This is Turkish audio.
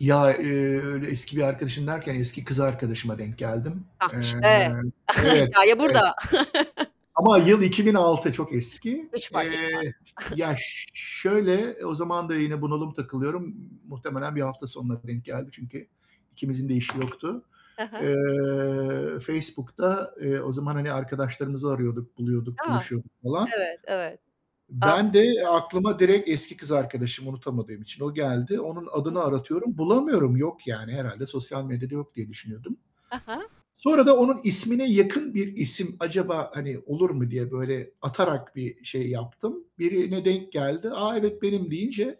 Ya, ııı, öyle eski bir arkadaşım derken eski kız arkadaşıma denk geldim. Hah, Eee işte, Evet, hikâye evet. burada. Ama yıl 2006, çok eski, Hiç fark eee. etmez. Ya, ş şöyle, o zaman da yine bunalım takılıyorum. M Muhtemelen bir hafta sonuna denk geldi, çünkü ikimizin de işi yoktu. Hı hı. Eee, Facebook'ta, eee, o zaman, hani, arkadaşlarımızı arıyorduk, buluyorduk, A, buluşuyorduk falan. evet, evet. Ah, Ben de evet. aklıma direkt eski kız arkadaşım, unutamadığım için o geldi. Onun Hı adını hı. aratıyorum, bulamıyorum. Yok, yani herhâlde sosyal medyada yok diye düşünüyordum. He he. Sonra da onun ismine yakın bir isim acaba, hani, olur mu diye böyle atarak bir şey yaptım. Birine denk geldi. A, evet, benim deyince